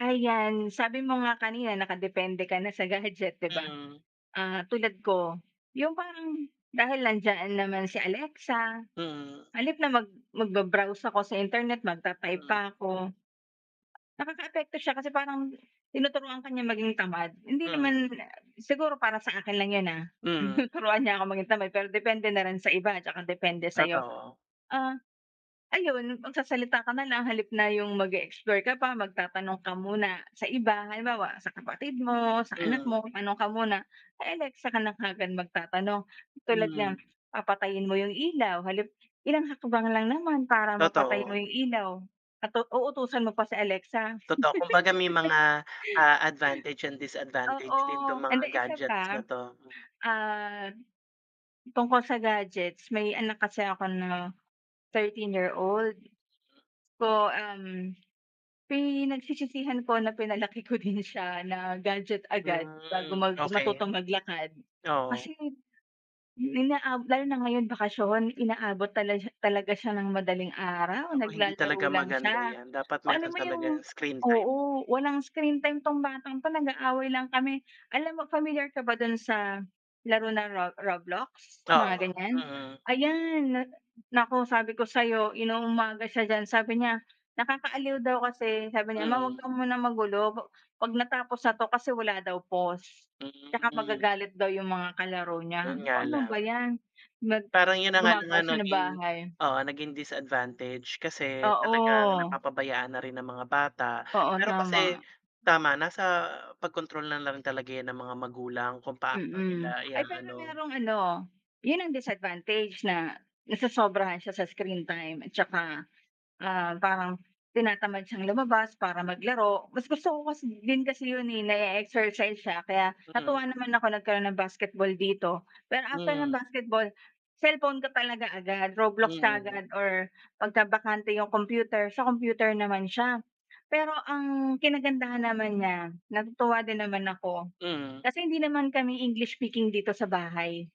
Ayan, sabi mo nga kanina nakadepende ka na sa gadget, 'di ba? Mm. Ah, tulad ko, yung parang dahil nandiyan naman si Alexa, Mm. sa halip na mag magba-browse ako sa internet, magta-type Mm. pa ako Nakakaapekto siya kasi parang, tinuturuan ka niya maging tamad, hindi Mm. naman siguro para sa akin lang yun, ah, Mm. tinuturuan niya ako maging tamad, pero depende na rin sa iba, 'tsaka depende sa'yo. Totoo. Ah, ayun magsasalita ka nalang sa halip na yung mag-e-explore ka pa magtatanong ka muna sa iba, halimbawa sa kapatid mo, sa anak Mm. mo, tanong ka muna kay Alexa ka na kaagad magtatanong. Tulad ng, Mm. papatayin mo yung ilaw sa halip ilang hakbang lang naman para mapatay mo Totoo. yung ilaw at tu uutusan mo pa si Alexa. Totoo kumbaga may mga, ah, advantage, and Oo, disadvantage, din to mga and di isa gadgets na pa, 'to. ah, tungkol sa gadgets, may anak kasi ako na 13 year old. Po um, pinagsisisihan ko na pinalaki ko din siya na gadget agad Hmm, bago mag okey. matutong maglakad. Oo. Kasi inaa lalo na ngayong bakasyon, inaabot tal talaga siya ng madaling araw Nako hindi naglalaro talaga lang maganda siya, yan, dapat o meron alam mo yung talagang screen time. oo, walang screen time 'tong batang 'to, nag-aaway lang kami. Alam mo pamilyar ka ba dun sa laro na ro Roblox, mga Oo, ganiyan? mm. Ayan na naku sabi ko sa'yo inu-umaga siya diyan sabi niya nakakaaliw daw kasi sabi niya, "Ma Mm. 'wag ka munang magulo pa 'pag natapos na 'to kasi wala daw pause, tsaka Mm. magagalit daw yung mga kalaro Yun niya." Sabi ko, nga "Anu ba lang. yan." Nag Parang yun na nga lang gumagawa ang siya ng naging bahay. oo naging disadvantage kasi talagang Oo. napapabayaan na rin ng mga bata. Oo, Pero kasi tama. tama. nasa pagkontrol na rin talaga yan ng mga magulang kung paano Mm, nila ay pero iaano. merong ano, yun ang disadvantage na nasosobrahan siya sa screen time at saka, ah, parang tinatamad siyang lumabas para maglaro mas gusto ko kasi din kasi yun, eh, na-e-exercise siya, kaya Mm. natuwa naman ako nagkaroon ng basketball dito, pero after ng Mm. basketball, cellphone ka talaga agad, Roblox Mm. kaagad or pagkabante yung computer, sa computer naman siya. Pero ang kinagandahan naman niya, natutuwa din naman ako Mm. kasi hindi naman kami English speaking dito sa bahay.